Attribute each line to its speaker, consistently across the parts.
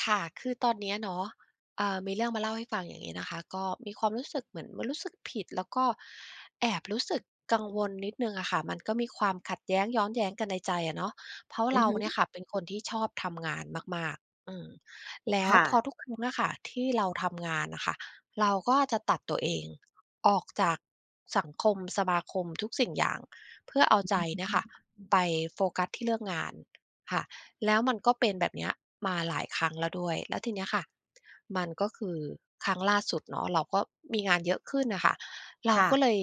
Speaker 1: ค่ะ คือตอนเนี้ยเนาะ อ่า มีเรื่องมาเล่าให้ฟังอย่างนี้นะคะ ก็มีความรู้สึกเหมือนมันรู้สึกผิด แล้วก็แอบรู้สึกกังวลนิดหนึ่งอะค่ะ มันก็มีความขัดแย้งย้อนแย้งกันในใจอะเนาะ เพราะ
Speaker 2: อื
Speaker 1: เร
Speaker 2: อ
Speaker 1: า
Speaker 2: ฮึ
Speaker 1: เนี่ยค่ะ เป็นคนที่ชอบทำงานมาก ๆ อืม แล้ว
Speaker 2: ค่
Speaker 1: พ
Speaker 2: ะ
Speaker 1: อทุกครั้งอะค่ะ ที่เราทำงานน่ะค่ะ เราก็จะตัดตัวเองออกจากสังคม สมาคม ทุกสิ่งอย่าง เพื่อเอาใจเนี่ยค่ะ ไปโฟกัสที่เรื่องงานค่ะ แล้วมันก็เป็นแบบเนี้ย มาหลายครั้งแล้วด้วย แล้วทีนี้ค่ะ มันก็คือ ครั้งล่าสุดเนาะ เราก็มีงานเยอะขึ้นน่ะค่ะ เร
Speaker 2: ค
Speaker 1: า
Speaker 2: ่
Speaker 1: ก
Speaker 2: ะ
Speaker 1: ็เลย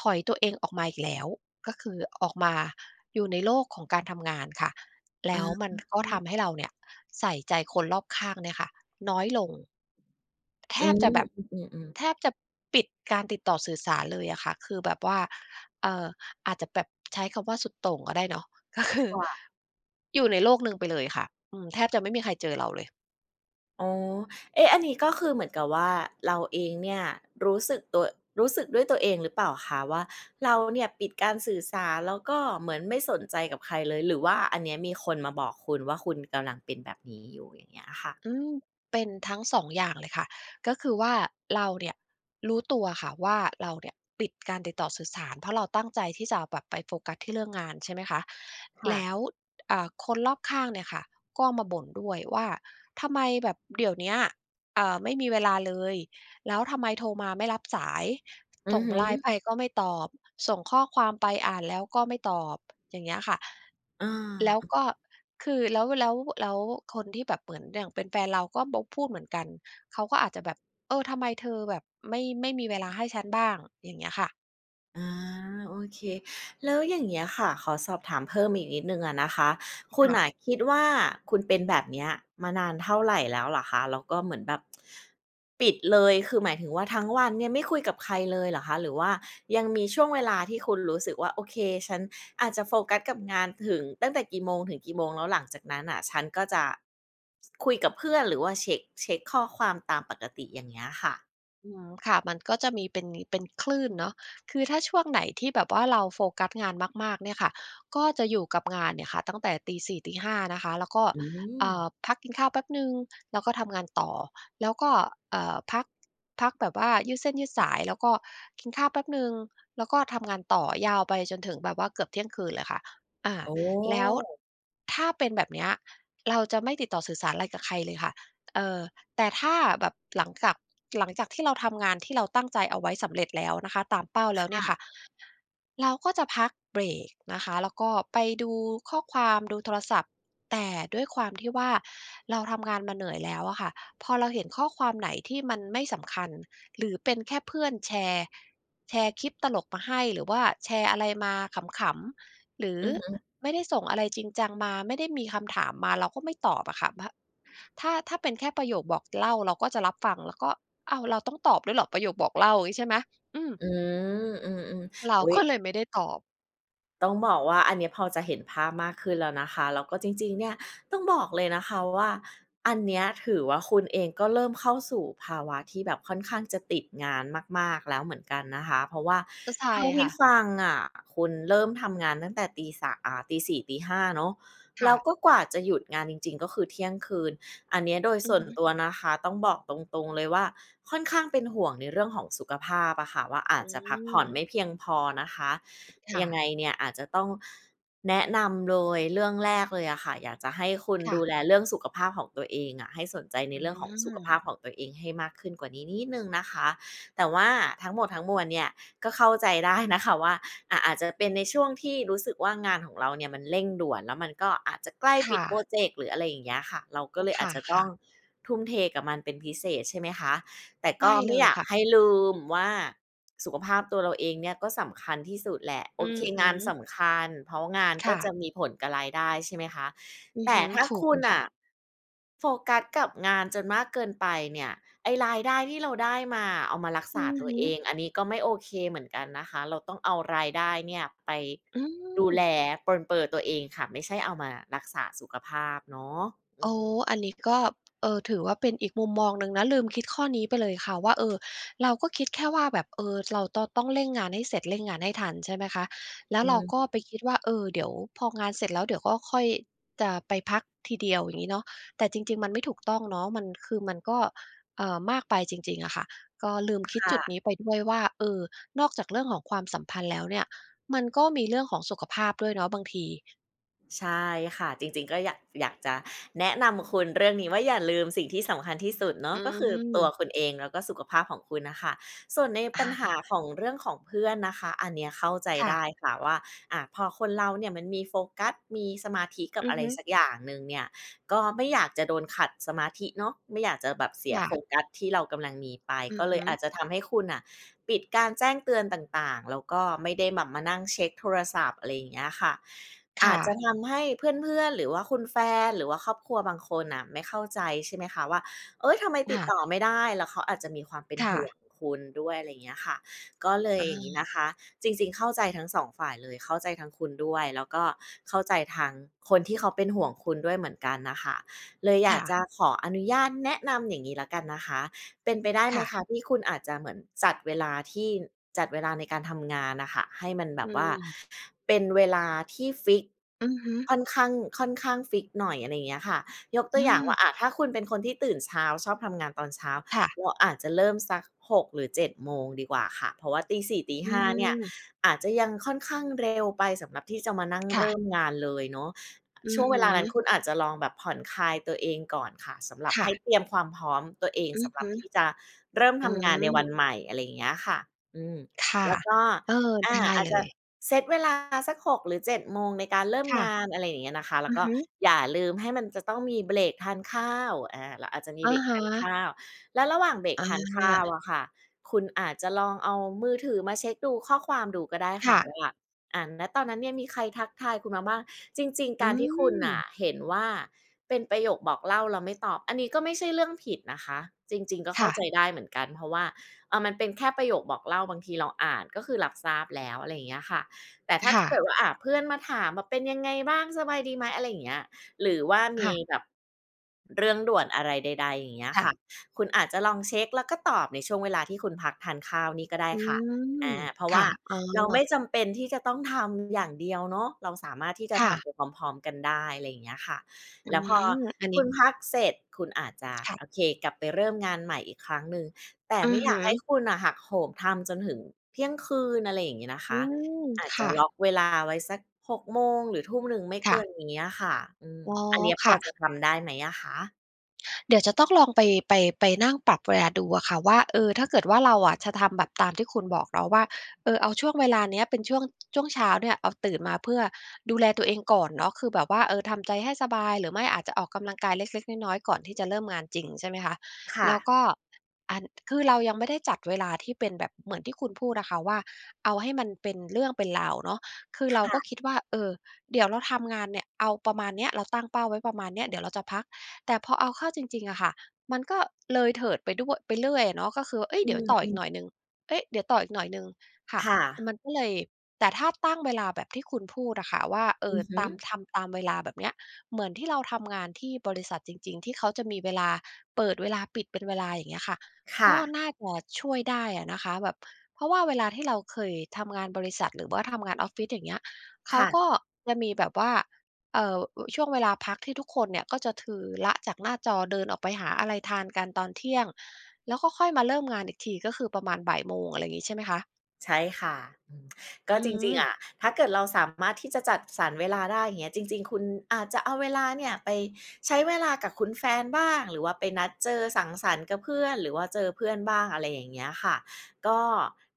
Speaker 1: ถอยตัวเองออกมาอีกแล้ว ก็คือออกมาอยู่ในโลกของการทำงานค่ะ แล
Speaker 2: อ
Speaker 1: ้วมันก็ท
Speaker 2: า
Speaker 1: ำให้เราเนี่ย ใส่ใจคนรอบข้างเนี่ยค่ะ น้อย ลง แท
Speaker 2: อื
Speaker 1: บ
Speaker 2: ม
Speaker 1: จะแบบ
Speaker 2: ๆ ๆ
Speaker 1: แท
Speaker 2: ๆ
Speaker 1: บจะปิดการติดต่อสื่อสารเลยอะค่ะ คือแบบว่า เอ่อ อาจจะแบบ ใช้คำว่าสุดโต่งก็ได้เนาะ ก็ค
Speaker 2: ค
Speaker 1: ือ
Speaker 2: ่ะ
Speaker 1: อยู่ในโลกหนึ่งไปเลยค่ะ อืม แทบจะไม่มีใครเจอเราเลย
Speaker 2: อ๋อ เอ๊ะ อันนี้ก็คือเหมือนกับว่า เราเองเนี่ยรู้สึกตัว รู้สึกด้วยตัวเองหรือเปล่าคะว่า เราเนี่ยปิดการสื่อสาร แล้วก็เหมือนไม่สนใจกับใครเลย หรือว่าอันเนี้ยมีคนมาบอกคุณว่าคุณกำลังเป็นแบบนี้อยู่? อย่างเงี้ยค่ะ
Speaker 1: อืม เป็นทั้ง 2 อย่างเลยค่ะ ก็คือว่าเราเนี่ยรู้ตัวค่ะว่า เราเนี่ยปิดการติดต่อสื่อสาร เพราะเราตั้งใจที่จะแบบไปโฟกัสที่เรื่องงาน ใช่ไหมคะ
Speaker 2: ค่
Speaker 1: แ
Speaker 2: ะ
Speaker 1: ล้ว อ่า คนรอบข้างเนี่ยค่ะ ก็มาบ่นด้วยว่า "ทำไมแบบเดี๋ยวเนี้ย อ่า ไม่มีเวลาเลย แล้วทำไมโทรมาไม่รับสาย
Speaker 2: อื
Speaker 1: ส
Speaker 2: อ
Speaker 1: ่ง
Speaker 2: ฮึ
Speaker 1: ไลน์ไปก็ไม่ตอบ ส่งข้อความไปอ่านแล้วก็ไม่ตอบ?" อย่างเงี้ยค่ะ
Speaker 2: เ
Speaker 1: แล้ว
Speaker 2: ออ
Speaker 1: ก็ คือแล้ว แล้ว แล้วคนที่แบบเหมือนอย่างเป็นแฟนเราก็มาพูดเหมือนกัน เขาก็อาจจะแบบ "เออ ทำไมเธอแบบไม่ ไม่มีเวลาให้ฉันบ้าง?" อย่างเงี้ยค่ะ
Speaker 2: อ๋อ โอเค แล้วอย่างเงี้ยค่ะ ขอสอบถามเพิ่มอีกนิดหนึ่งอะนะคะ คุ
Speaker 1: ค
Speaker 2: ณ
Speaker 1: ่
Speaker 2: น่ะ
Speaker 1: ะ
Speaker 2: คิดว่า คุณเป็นแบบเนี้ยมานานเท่าไรแล้วเหรอคะ? แล้วก็เหมือนแบบ ปิดเลย คือ หมายถึงว่าทั้งวันเนี่ยไม่คุยกับใครเลยเหรอคะ? หรือว่ายังมีช่วงเวลาที่คุณรู้สึกว่า โอเค ฉันอาจจะโฟกัสกับงานถึง ตั้งแต่กี่โมงถึงกี่โมง แล้วหลังจากนั้นน่ะ ฉันก็จะ ส คุยกับเพื่อนหรือว่า เชค เช็คข้อความตามปกติ อย่างเงี้ยค่ะ
Speaker 1: อืม ค่ะ มันก็จะมีเป็นนี เป็นคลื่นเนาะ คือถ้าช่วงไหนที่แบบว่าเราโฟกัสงานมาก ๆ เนี่ยค่ะ ก็จะอยู่กับงานเนี่ยค่ะ ตั้งแต่ 04:00-05:00 น. นะคะ แล้วก็
Speaker 2: อื
Speaker 1: อ่
Speaker 2: ม
Speaker 1: า พักกินข้าวแป๊บหนึ่ง แล้วก็ทำงานต่อ แล้วก็ เออ พัก พักแบบว่ายืดเส้นยืดสาย แล้วก็กินข้าวแป๊บหนึ่ง แล้วก็ทำงานต่อ ยาวไปจนถึงแบบว่าเกือบเที่ยงคืนเลยค่ะ อา
Speaker 2: อ๋อ
Speaker 1: แล้วถ้าเป็นแบบเนี้ย เราจะไม่ติดต่อสื่อสารไรกับใครเลยค่ะ เอ่อ แต่ถ้าแบบหลังจาก หลังจากที่เราทำงานที่เราตั้งใจเอาไว้สำเร็จแล้วนะคะ ตามเป้าแล
Speaker 2: ค
Speaker 1: ้วเนี
Speaker 2: ่
Speaker 1: ่
Speaker 2: ะ
Speaker 1: ยค่ะ เราก็จะพักเบรกนะคะ แล้วก็ไปดูข้อความ ดูโทรศัพท์ แต่ด้วยความที่ว่า เราทำงานมาเหนื่อยแล้วอะค่ะ พอเราเห็นข้อความไหนที่มันไม่สำคัญ หรือเป็นแค่เพื่อนแชร์ แชร์คลิปตลกมาให้ หรือว่าแชร์อะไรมาขำ ๆ หรือ
Speaker 2: อือฮึ
Speaker 1: ไม่ได้ส่งอะไรจริงจังมา ไม่ได้มีคำถามมา เราก็ไม่ตอบอะค่ะ แบ๊ะ ถ้า ถ้าเป็นแค่ประโยคบอกเล่า เราก็จะรับฟัง แล้วก็ "อ้าว เราต้องตอบด้วยเหรอ? ประโยคบอกเล่า" งี้ใช่ไหม อืม
Speaker 2: อืม อืม
Speaker 1: เร
Speaker 2: ๆ
Speaker 1: า
Speaker 2: อุ๊ย!
Speaker 1: ก็เลยไม่ได้ตอบ
Speaker 2: ต้องบอกว่า อันเนี้ยพอจะเห็นภาพมากขึ้นแล้วนะคะ แล้วก็จริง ๆ เนี่ย ต้องบอกเลยนะคะว่า อันเนี้ยถือว่าคุณเองก็เริ่มเข้าสู่ภาวะที่แบบค่อนข้างจะติดงานมาก ๆ แล้วเหมือนกันนะคะ เพราะว่า
Speaker 1: ก็ใช
Speaker 2: เ
Speaker 1: ่
Speaker 2: ท่าท
Speaker 1: ค
Speaker 2: ี
Speaker 1: ่
Speaker 2: ่
Speaker 1: ะ
Speaker 2: ฟังอะ คุณเริ่มทำงานตั้งแต่ตีส่า อ่า ตี 4 ตี 5 เนาะ
Speaker 1: ค
Speaker 2: แล
Speaker 1: ่
Speaker 2: ้ว
Speaker 1: ะ
Speaker 2: ก็กว่าจะหยุดงานจริง ๆ ก็คือเที่ยงคืน อันเนี้ยโดย
Speaker 1: อื
Speaker 2: ส
Speaker 1: อ
Speaker 2: ่ว
Speaker 1: ฮ
Speaker 2: น
Speaker 1: ึ
Speaker 2: ตัวนะคะ ต้องบอกตรง ๆ เลยว่าค่อนข้างเป็นห่วงในเรื่องของสุขภาพอะค่ะว่า อ
Speaker 1: อ
Speaker 2: าจจะพักผ่อน
Speaker 1: ืม
Speaker 2: ไม่เพียงพอนะคะ
Speaker 1: ค่
Speaker 2: ยัง
Speaker 1: ะ
Speaker 2: ไงเนี่ยอาจจะต้องแนะนำเลย เรื่องแรกเลยอะค่ะ อยากจะให้คุณ
Speaker 1: ค่
Speaker 2: ดู
Speaker 1: ะ
Speaker 2: แลเรื่องสุขภาพของตัวเองอะ ให้สนใจใน
Speaker 1: อื
Speaker 2: เรื่องของสุขภาพข
Speaker 1: ม
Speaker 2: องตัวเอง ให้มากขึ้นกว่านี้นิดหนึ่งนะคะ แต่ว่าทั้งหมดทั้งมวลเนี่ย ก็เข้าใจได้ นะคะ ว่า อะ อาจจะเป็นในช่วงที่รู้สึกว่า งานของเราเนี่ยมันเร่งด่วน แล้วมันก็อาจจะใกล้
Speaker 1: ค
Speaker 2: ปิ
Speaker 1: ่
Speaker 2: ดโพร
Speaker 1: ะ
Speaker 2: เจกต์ หรืออะไรอย่างเงี้ยค่ะ เราก
Speaker 1: โ
Speaker 2: ็
Speaker 1: อ้
Speaker 2: เลย
Speaker 1: ค
Speaker 2: อาจจะต้อ
Speaker 1: ่ะ
Speaker 2: ง
Speaker 1: ๆ
Speaker 2: ทุ่มเทกับมันเป็นพิเศษ ใช่ไหมคะ? แต่
Speaker 1: ไ
Speaker 2: ก
Speaker 1: ด
Speaker 2: ็
Speaker 1: ้
Speaker 2: ไม
Speaker 1: เล
Speaker 2: ่อย
Speaker 1: ย
Speaker 2: าก
Speaker 1: ค่ะ
Speaker 2: ให้ลืมว่า สุขภาพตัวเราเองเนี่ย ก็สำคัญที่สุดแหละ โ
Speaker 1: อื
Speaker 2: อเค
Speaker 1: อฮึ
Speaker 2: งานสำคัญ เพราะงาน
Speaker 1: ค
Speaker 2: ก็
Speaker 1: ่
Speaker 2: จ
Speaker 1: ะ
Speaker 2: ะมีผลกับรายได้ ใช่ไหมคะ?
Speaker 1: อื
Speaker 2: แ
Speaker 1: อ
Speaker 2: ต
Speaker 1: ฮ
Speaker 2: ่
Speaker 1: ึ
Speaker 2: ถ้า
Speaker 1: ถู
Speaker 2: ค
Speaker 1: ก
Speaker 2: ุ
Speaker 1: เล
Speaker 2: ณ
Speaker 1: ย
Speaker 2: น
Speaker 1: ค่ะ
Speaker 2: ่ะ โฟกัสกับงานจนมากเกินไปเนี่ย ไอ้รายได้ที่เราได้มาอะ เอามารัก
Speaker 1: อ
Speaker 2: ษ
Speaker 1: ื
Speaker 2: า
Speaker 1: อ
Speaker 2: ตัว
Speaker 1: ฮ
Speaker 2: เอ
Speaker 1: ึ
Speaker 2: ง อันนี้ก็ไม่โอเคเหมือนกันนะคะ เราต้องเอารายได้เนี่ย ไป
Speaker 1: อื
Speaker 2: ดูแ
Speaker 1: ม
Speaker 2: ล ปรนเปรอตัวเองค่ะ ไม่ใช่เอามารักษาสุขภาพเนาะ อ
Speaker 1: โ
Speaker 2: ื
Speaker 1: อ้
Speaker 2: ม
Speaker 1: อันนี้ก็ เอ่อ ถือว่าเป็นอีกมุมมองหนึ่งนะ ลืมคิดข้อนี้ไปเลยค่ะว่า เอ่อ เราก็คิดแค่ว่าแบบ เอ่อ เรา ตอ ต้องเร่งงานให้เสร็จ เร่งงานให้ทัน ใช่ไหมคะ แล้
Speaker 2: อ
Speaker 1: ว
Speaker 2: ื
Speaker 1: เราก็
Speaker 2: ม
Speaker 1: ไปคิดว่า เอ่อ เดี๋ยวพองานเสร็จแล้ว เดี๋ยวก็ค่อย จะไปพักทีเดียว อย่างงี้เนาะ แต่จริง ๆ มันไม่ถูกต้องเนาะ มันคือ มันก็ เอ่อ มากไปจริง ๆ อะค่ะ ก็ลืมคิ
Speaker 2: ค
Speaker 1: ด
Speaker 2: ่
Speaker 1: จุด
Speaker 2: ะ
Speaker 1: นี้ไปด้วยว่า เอ่อ นอกจากเรื่องของความสัมพันธ์แล้วเนี่ย มันก็มีเรื่องของสุขภาพด้วยเนาะบางที
Speaker 2: ใช่ค่ะ จริง ๆ ก็อยาก อยากจะแนะนำคุณเรื่องนี้ว่าอย่าลืมสิ่งที่สำคัญที่สุดเนา
Speaker 1: อ
Speaker 2: ะ
Speaker 1: ื
Speaker 2: ก็คือตัว
Speaker 1: ม
Speaker 2: คุณเองแล้วก็สุขภาพของคุณน่ะค่ะ ส่วนใน
Speaker 1: อ
Speaker 2: ป
Speaker 1: ะ
Speaker 2: ัญห
Speaker 1: ฮ
Speaker 2: า
Speaker 1: ะ
Speaker 2: ของเรื่องของเพื่อนนะคะ อันเนี้ยเข้าใจ
Speaker 1: ค่
Speaker 2: ได
Speaker 1: ะ
Speaker 2: ้ค่ะว่า อา พอคนเราเนี่ยมันมีโฟกัส มีสมาธิกั
Speaker 1: อ
Speaker 2: บ
Speaker 1: ื
Speaker 2: อ
Speaker 1: อ
Speaker 2: ะไร
Speaker 1: ฮึ
Speaker 2: สักอย่างหนึ่งเนี่ย ก็ไม่อยากจะโดนขัดสมาธิเนาะ ไม่อยากจะแบบเสีย
Speaker 1: ค่
Speaker 2: โฟ
Speaker 1: ะ
Speaker 2: กัสที่เรากำลังมีไป
Speaker 1: อื
Speaker 2: ก
Speaker 1: อ
Speaker 2: ็เ
Speaker 1: ฮ
Speaker 2: ลย
Speaker 1: ึ
Speaker 2: อาจจะทำให้คุณน่ะ ปิดการแจ้งเตือนต่าง ๆ แล้วก็ไม่ได้แบบมานั่งเช็คโทรศัพท์ อะไรอย่างเงี้ยค่ะ
Speaker 1: ค
Speaker 2: อ
Speaker 1: ่
Speaker 2: าจจ
Speaker 1: ะ
Speaker 2: ะทำให้เพื่อน ๆ หรือว่าคุณแฟน หรือว่าครอบครัวบางคนน่ะไม่เข้าใจใช่ไหมคะว่า เฮ้ย ทำไม
Speaker 1: ค
Speaker 2: ติ
Speaker 1: ่
Speaker 2: ดต่อ
Speaker 1: ะ
Speaker 2: ไม่ได้ แล้วเขาอาจจะมีความเป็น
Speaker 1: ค่
Speaker 2: ห่ว
Speaker 1: ะ
Speaker 2: งคุณด้วย อะไรอย่างเงี้ยค่ะ ก็เลย
Speaker 1: อ
Speaker 2: อย่างนี้
Speaker 1: า
Speaker 2: นะคะ จริง ๆ เข้าใจทั้ง 2 ฝ่ายเลย เข้าใจทั้งคุณด้วย แล้วก็เข้าใจทางคนที่เขาเป็นห่วงคุณด้วยเหมือนกันน่ะค่ะ เลยอ
Speaker 1: ค
Speaker 2: ยา
Speaker 1: ่
Speaker 2: ก
Speaker 1: ะ
Speaker 2: จะขออนุญาตแนะนำอย่างนี้ละกันนะคะ เป็นไปได้
Speaker 1: ค
Speaker 2: ไหม
Speaker 1: ่ะ
Speaker 2: คะ ที่คุณอาจจะเหมือนจัดเวลาที่ จัดเวลาในการทำงานน่ะค่ะ ให้มันแบ
Speaker 1: อื
Speaker 2: บว่า
Speaker 1: ม
Speaker 2: เป็นเวลาที่ฟิกซ์
Speaker 1: อือฮึ
Speaker 2: ค่อนข้าง ค่อนข้างฟิกซ์หน่อย อะไรอย่างเงี้ยค่ะ ยกต
Speaker 1: อ
Speaker 2: ัวอย่างว
Speaker 1: ืม
Speaker 2: ่า อา ถ้าคุณเป็นคนที่ตื่นเช้า ชอบทำงานตอนเช้า ว
Speaker 1: ค่ะ
Speaker 2: อาจจะเริ่มสัก 6 หรือ 7 โมงดีกว่าค่ะ เพราะว่าตี 4 ตี
Speaker 1: อื
Speaker 2: 5 เนี่ย
Speaker 1: ม
Speaker 2: อาจจะยังค่อนข้างเร็วไปสำหรับที่จะมานั่ง
Speaker 1: ค
Speaker 2: เ
Speaker 1: ่
Speaker 2: ร
Speaker 1: ะ
Speaker 2: ิ่มงานเลยเนาะ
Speaker 1: อื
Speaker 2: ช่
Speaker 1: อ
Speaker 2: วง
Speaker 1: ฮ
Speaker 2: เวลานั้น
Speaker 1: ึ
Speaker 2: คุณอาจจะลองแบบผ่อนคลายตัวเองก่อนค่ะ สำหรับ
Speaker 1: ค
Speaker 2: ใ
Speaker 1: ่
Speaker 2: ห้
Speaker 1: ะ
Speaker 2: เตรียมความพร้อมตัวเอง
Speaker 1: อื
Speaker 2: ส
Speaker 1: อ
Speaker 2: ำหร
Speaker 1: ฮ
Speaker 2: ับ
Speaker 1: ึ
Speaker 2: ที่จะเริ่ม
Speaker 1: อ
Speaker 2: ท
Speaker 1: ื
Speaker 2: ำงานใน
Speaker 1: ม
Speaker 2: วันใหม่ อะไรอย่างเงี้ยค่ะ อืม
Speaker 1: ค่ะ
Speaker 2: แล้วก็
Speaker 1: เออ
Speaker 2: อ
Speaker 1: ได
Speaker 2: า
Speaker 1: ้
Speaker 2: อา
Speaker 1: เ
Speaker 2: จ
Speaker 1: ล
Speaker 2: จะ
Speaker 1: ย
Speaker 2: เซ็ตเวลาสัก 6 หรือ 7 โมงในการเริ่ม
Speaker 1: ค่
Speaker 2: ง
Speaker 1: ะ
Speaker 2: าน อะไรอย่างเงี้ยนะคะ แล้
Speaker 1: อื
Speaker 2: ว
Speaker 1: อ
Speaker 2: ก็
Speaker 1: ฮึ
Speaker 2: อย่าลืมให้มันจะต้องมีเบรกทานข้าว อา เราอาจจะมี
Speaker 1: อ
Speaker 2: เ
Speaker 1: ะ
Speaker 2: บรก
Speaker 1: ฮ
Speaker 2: ทานข
Speaker 1: ะ
Speaker 2: ้าว แล้วระหว่างเบรค
Speaker 1: อ
Speaker 2: ทานข้าว
Speaker 1: า
Speaker 2: อะค่ะ คุณอาจจะลองเอามือถือมาเช็คดูข้อความดูก็ได้
Speaker 1: ค
Speaker 2: ค่
Speaker 1: ่
Speaker 2: ะ
Speaker 1: ะ
Speaker 2: ว่า อา ณ ตอนนั้นเนี่ยมีใครทักทายคุณมาบ้าง จริง
Speaker 1: อ
Speaker 2: ๆ ก
Speaker 1: ื
Speaker 2: ารที่คุณน่ะ
Speaker 1: ม
Speaker 2: เห็นว่า เป็นประโยคบอกเล่าแล้วไม่ตอบ อันนี้ก็ไม่ใช่เรื่องผิดนะคะ จริง ๆ ก็เ
Speaker 1: ค
Speaker 2: ข้
Speaker 1: ่
Speaker 2: าใจ
Speaker 1: ะ
Speaker 2: ได้เหมือนกัน เพราะว่า อา มันเป็นแค่ประโยคบอกเล่าบางทีเราอ่านก็คือรับทราบแล้ว อะไรอย่างเงี้ยค่ะ แต่ถ้า
Speaker 1: ค่
Speaker 2: เกิดว
Speaker 1: ะ
Speaker 2: ่า อา เพื่อนมาถามว่า "เป็นยังไงบ้าง สบายดีไหม" อะไรอย่างเงี้ย หรือว่า
Speaker 1: ค
Speaker 2: ม
Speaker 1: ่
Speaker 2: ี
Speaker 1: ะ
Speaker 2: แบบเรื่องด่วนอะไรใด ๆ อย่างเงี้ย
Speaker 1: ค่
Speaker 2: ค่
Speaker 1: ะ
Speaker 2: ะ คุณอาจจะลองเช็คแล้วก็ตอบในช่วงเวลาที่คุณพักทานข้าวนี่ก็ได้
Speaker 1: อื
Speaker 2: ค่ะ อ
Speaker 1: ม
Speaker 2: า เพราะ
Speaker 1: ค
Speaker 2: ว่
Speaker 1: ่
Speaker 2: า
Speaker 1: ะ อ๋
Speaker 2: เราไม
Speaker 1: อ
Speaker 2: ่จำเป็นที่จะต้องทำอย่างเดียวเนาะ เราสามารถที่จะ
Speaker 1: ค่
Speaker 2: ท
Speaker 1: ะ
Speaker 2: ำไปพร้อม ๆ กันได้ อะไรอย่างเงี้ยค่ะ
Speaker 1: อื
Speaker 2: แล้วพอ
Speaker 1: ม อัน
Speaker 2: ค
Speaker 1: นี้
Speaker 2: ุณพักเสร็จคุณอาจจะ
Speaker 1: ค่ะ
Speaker 2: โอเคกลับไปเริ่มงานใหม่อีกครั้งหนึ่ง แต่
Speaker 1: อื
Speaker 2: ไม่
Speaker 1: อ
Speaker 2: อ
Speaker 1: ฮ
Speaker 2: ยากให้
Speaker 1: ึ
Speaker 2: คุณน่ะหักโหมทำจนถึงเที่ยงคืน อะไรอย่างงี้นะค
Speaker 1: อื
Speaker 2: ะ
Speaker 1: ม
Speaker 2: อาจ
Speaker 1: ค
Speaker 2: จะ
Speaker 1: ่
Speaker 2: ล
Speaker 1: ะ
Speaker 2: ็อคเวลาไว้สัก 6 โมงหรือทุ่มหนึ่งไม่
Speaker 1: ค
Speaker 2: เ
Speaker 1: ่
Speaker 2: กิ
Speaker 1: ะ
Speaker 2: นนี้อะค่ะ อืม
Speaker 1: อ๋อ
Speaker 2: อันนี้
Speaker 1: ค
Speaker 2: พอ
Speaker 1: ่ะ
Speaker 2: จะทำได้ไหมอะคะ?
Speaker 1: เดี๋ยวจะต้องลองไป ไป ไปนั่งปรับเวลาดูอะค่ะว่า เอ่อ ถ้าเกิดว่า เราอะจะทำแบบตามที่คุณบอกเราว่า เอ่อ เอาช่วงเวลาเนี้ยเป็นช่วง ช่วงเช้าเนี่ย เอาตื่นมาเพื่อดูแลตัวเองก่อนเนาะ คือแบบว่า เอ่อ ทำใจให้สบาย หรือไม่อาจจะออกกำลังกายเล็ก ๆ น้อย ๆ ก่อนที่จะเริ่มงานจริง ใช่ไหมคะ?
Speaker 2: ค่
Speaker 1: แล้
Speaker 2: ะ
Speaker 1: วก็ อัน คือเรายังไม่ได้จัดเวลาที่เป็นแบบเหมือนที่คุณพูดอะค่ะว่า เอาให้มันเป็นเรื่องเป็นราวเนาะ คือ
Speaker 2: ค
Speaker 1: เรา
Speaker 2: ่
Speaker 1: ก็
Speaker 2: ะ
Speaker 1: คิดว่า เอ่อ เดี๋ยวเราทำงานเนี่ย เอาประมาณเนี้ย เราตั้งเป้าไว้ประมาณเนี้ย เดี๋ยวเราจะพัก แต่พอเอาเข้าจริง ๆ อะค่ะ มันก็เลยเถิดไปด้วย ไปเรื่อยอะเนาะ ก็คือ เอ
Speaker 2: อ
Speaker 1: ๊ย!
Speaker 2: ื
Speaker 1: เดี๋ยวต่ออีก
Speaker 2: ม
Speaker 1: ห
Speaker 2: ๆ
Speaker 1: น่อยหนึ่ง เอ๊ะ เดี๋ยวต่ออีกหน่อยหนึ่ง ค่ะ
Speaker 2: ค่ะ
Speaker 1: มันก็เลย แต่ถ้าตั้งเวลาแบบที่คุณพูดอะค่ะว่า เอ
Speaker 2: อ
Speaker 1: ่
Speaker 2: ื
Speaker 1: อ
Speaker 2: อฮ
Speaker 1: ตาม
Speaker 2: ึ
Speaker 1: ทำตามเวลาแบบเนี้ย เหมือนที่เราทำงานที่บริษัทจริง ๆ ที่เขาจะมีเวลาเปิดเวลาปิดเป็นเวลา อย่างเงี้ยค่ะ
Speaker 2: ค่
Speaker 1: ก็
Speaker 2: ะ
Speaker 1: น่าจะช่วยได้อะนะคะ แบบ เพราะว่าเวลาที่เราเคยทำงานบริษัท หรือว่าทำงานออฟฟิศ อย่างเงี้ย เข
Speaker 2: ค
Speaker 1: า
Speaker 2: ่ะ
Speaker 1: ก็จะมีแบบว่า เอ่อ อ ช่วงเวลาพักที่ทุกคนเนี่ย ก็จะคือ ละจากหน้าจอ เดินออกไปหาอะไรทานกันตอน 12:00 น. แล้วก็ค่อยมาเริ่มงานอีกที ก็คือประมาณ 13:00 น. อะไรงี้ ใช่ไหมคะ
Speaker 2: ใช่ค่ะ อืม ก็
Speaker 1: อื
Speaker 2: จริง
Speaker 1: ม
Speaker 2: ๆ อะ ถ้าเกิดเราสามารถที่จะจัดสรรเวลาได้ อย่างเงี้ย จริง ๆ คุณอาจจะเอาเวลาเนี่ยไปใช้เวลากับคุณแฟนบ้าง หรือว่าไปนัดเจอสังสรรค์กับเพื่อน หรือว่าเจอเพื่อนบ้าง อะไรอย่างเงี้ยค่ะ ก็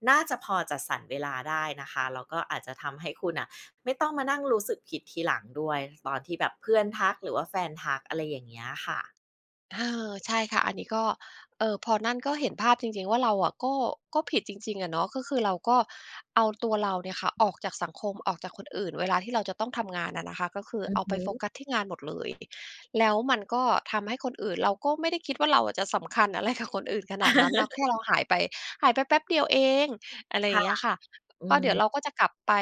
Speaker 2: น่าจะพอจัดสรรเวลาได้นะคะ แล้วก็อาจจะทำให้คุณน่ะ ไม่ต้องมานั่งรู้สึกผิดทีหลังด้วย ตอนที่แบบเพื่อนทัก หรือว่าแฟนทัก อะไรอย่างเงี้ยค่ะ
Speaker 1: เออ ใช่ค่ะ อันนี้ก็ เอ่อ พอนั่นก็เห็นภาพจริง ๆ ว่า เราอะก็ ก็ผิดจริง ๆ อะเนาะ ก็คือเราก็เอาตัวเราเนี่ยค่ะ ออกจากสังคม ออกจากคนอื่น เวลาที่เราจะต้องทำงานอะนะคะ ก็คือ
Speaker 2: อื
Speaker 1: เ
Speaker 2: อ
Speaker 1: อา
Speaker 2: ฮ
Speaker 1: ไปโฟ
Speaker 2: ึ
Speaker 1: กัสที่งานหมดเลย แล้วมันก็ทำให้คนอื่น เราก็ไม่ได้คิดว่า เราอะจะสำคัญ อะไร กับคนอื่นขนาดนั้นเนาะ แค่เราหายไป หายไปแป๊บเดียวเอง อะไรอ
Speaker 2: ค
Speaker 1: ย่
Speaker 2: ่
Speaker 1: าง
Speaker 2: ะ
Speaker 1: เงี้ยค่ะ
Speaker 2: อื
Speaker 1: ก็เดี๋ยวเร
Speaker 2: ม
Speaker 1: าก็จะกลับไป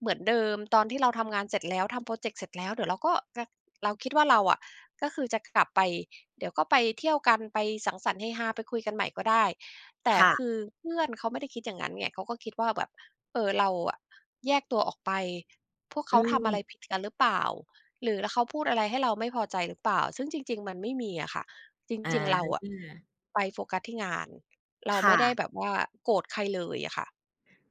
Speaker 1: เหมือนเดิม ตอนที่เราทำงานเสร็จแล้ว ทำโพรเจกต์เสร็จแล้ว เดี๋ยวเราก็ ก เราคิดว่าเราอะ ก็คือจะกลับไป เดี๋ยวก็ไปเที่ยวกัน ไปสังสรรค์เฮฮา ไปคุยกันใหม่ก็ได้ แต่
Speaker 2: ค่
Speaker 1: ค
Speaker 2: ะ
Speaker 1: ือเพื่อนเขาไม่ได้คิด อย่างงั้นไง เขาก็คิดว่าแบบ เอ่อ เราอะ แยกตัวออกไป พวกเข
Speaker 2: อื
Speaker 1: าทำอะไร
Speaker 2: ม
Speaker 1: ผิดกันหรือเปล่า? หรือ แล้วเขาพูดอะไรให้เราไม่พอใจหรือเปล่า? ซึ่งจริง ๆ มันไม่มีอะค่ะ จ
Speaker 2: อ
Speaker 1: ริง ๆ เราอะ
Speaker 2: า
Speaker 1: ไปโฟกัสที่งาน เรา
Speaker 2: ค
Speaker 1: ไ
Speaker 2: ่
Speaker 1: ม่ได้
Speaker 2: ะ
Speaker 1: แบบว่าโกรธใครเลยอะค่ะ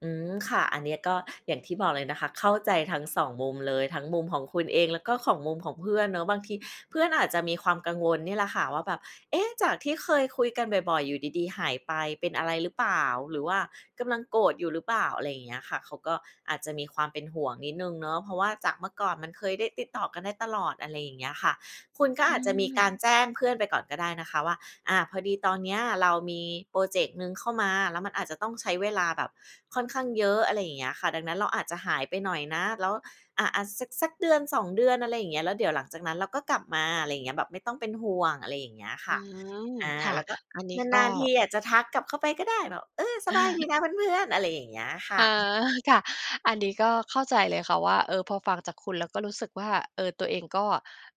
Speaker 2: อืม ค่ะ อันเนี้ยก็อย่างที่บอกเลยนะคะ เข้าใจทั้ง 2 มุมเลย ทั้งมุมของคุณเองแล้วก็ของมุมของเพื่อนเนาะ บางทีเพื่อนอาจจะมีความกังวลนี่แหละค่ะว่า แบบ "เอ๊ะ จากที่เคยคุยกันบ่อย ๆ อยู่ดี ๆ หายไป เป็นอะไรหรือเปล่า? หรือว่ากำลังโกรธอยู่หรือเปล่า?" อะไรอย่างเงี้ยค่ะ เขาก็อาจจะมีความเป็นห่วงนิดหนึ่งเนาะ เพราะว่าจากเมื่อก่อนมันเคยได้ติดต่อกันได้ตลอด อะไรอย่างเงี้ยค่ะ คุณ
Speaker 1: อื
Speaker 2: ก็อาจจะมีก
Speaker 1: ม
Speaker 2: ารแจ้งเพื่อนไปก่อนก็ได้นะคะว่า อา "พอดีตอนเนี้ยเรามีพรอเจกต์หนึ่งเข้ามา แล้วมันอาจจะต้องใช้เวลาแบบค่อนข้างเยอะ" อะไรอย่างเงี้ยค่ะ ดังนั้นเราอาจจะหายไปหน่อยนะ แล้ว อา ๆ สัก สัก 1-2 เดือน อะไรอย่างเงี้ย แล้วเดี๋ยวหลังจากนั้นเราก็กลับมา ไรเงี้ย แบบไม่ต้องเป็นห่วง อะไรอย่างเงี้ยค
Speaker 1: อื
Speaker 2: ่ะ
Speaker 1: ม
Speaker 2: อา
Speaker 1: ค่ะ
Speaker 2: แล้วก็
Speaker 1: อันนี้ก็
Speaker 2: นาน ๆ ทีอาจจะทักกลับเข้าไปก็ได้ แบบ "เออ สบายดีนะเพื่อน ๆ" อะไรอย่างเงี้ยค
Speaker 1: อ
Speaker 2: ่
Speaker 1: ๋อ
Speaker 2: ะ
Speaker 1: ค่ะ อันนี้ก็เข้าใจเลยค่ะว่า เออ พอฟังจากคุณแล้วก็รู้สึกว่า เออ ตัวเองก็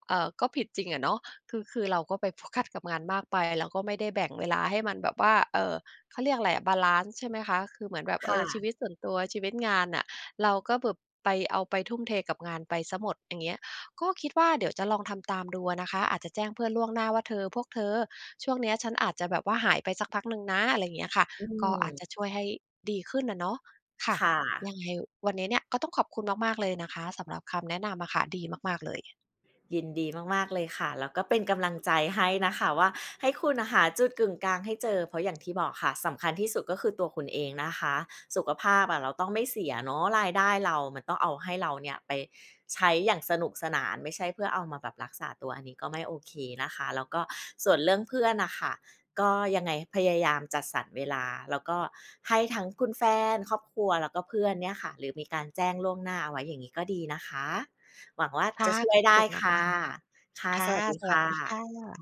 Speaker 1: เอ่อ ก็ผิดจริงอะเนาะ คือ คือเราก็ไปโฟกัสกับงานมากไป แล้วก็ไม่ได้แบ่งเวลาให้มันแบบว่า เอ่อ เขาเรียกอะไรอะ บาลันซ์ใช่ไหมคะ? คือเหมือนแบบ เ
Speaker 2: ค
Speaker 1: อ
Speaker 2: ่
Speaker 1: อ ชี
Speaker 2: ะ
Speaker 1: วิตส่วนตัว ชีวิตงานน่ะ เราก็แบบ ไป เอาไปทุ่มเทกับงานไปเสียหมด อย่างเงี้ย ก็คิดว่าเดี๋ยวจะลองทำตามดูอะนะคะ อาจจะแจ้งเพื่อนล่วงหน้าว่า "เธอ พวกเธอ ช่วงเนี้ยฉันอาจจะแบบว่าหายไปสักพักหนึ่งนะ" อะไรอย่างเงี้ยค่ะ
Speaker 2: อื
Speaker 1: ก็อาจจ
Speaker 2: ม
Speaker 1: ะช่วยให้ดีขึ้นอะเนาะ ค่ะ
Speaker 2: ค่
Speaker 1: ย
Speaker 2: ะ
Speaker 1: ังไงวันนี้เนี่ยก็ต้องขอบคุณมาก ๆ เลยนะคะ สำหรับคำแนะนำอะค่ะ ดีมาก ๆ เลย
Speaker 2: ยินดีมาก ๆ เลยค่ะ แล้วก็เป็นกำลังใจให้นะคะว่า ให้คุณน่ะหาจุดกึ่งกลางให้เจอ เพราะอย่างที่บอกค่ะ สำคัญที่สุดก็คือตัวคุณเองนะคะ สุขภาพอะ เราต้องไม่เสียเนาะ รายได้เรา มันต้องเอาให้เราเนี่ยไปใช้อย่างสนุกสนาน ไม่ใช่เพื่อเอามาแบบรักษาตัว อันนี้ก็ไม่โอเคนะคะ แล้วก็ส่วนเรื่องเพื่อนน่ะค่ะ ก็ยังไงพยายามจัดสรรเวลา แล้วก็ให้ทั้งคุณแฟน ครอบครัว แล้วก็เพื่อนเนี่ยค่ะ หรือมีการแจ้งล่วงหน้าเอาไว้ อย่างงี้ก็ดีนะคะ หวังว่า
Speaker 1: ค่
Speaker 2: จะ
Speaker 1: ะ
Speaker 2: ช่ว
Speaker 1: ข
Speaker 2: ย
Speaker 1: อบ
Speaker 2: ได
Speaker 1: ค
Speaker 2: ้
Speaker 1: ุณ
Speaker 2: ค่
Speaker 1: ม
Speaker 2: ะ
Speaker 1: าก
Speaker 2: ค่ะ
Speaker 1: ๆ ค่
Speaker 2: ส
Speaker 1: ะ
Speaker 2: วัสดี
Speaker 1: ส
Speaker 2: ค
Speaker 1: วัส
Speaker 2: ่
Speaker 1: ดีค่
Speaker 2: ะ
Speaker 1: ะ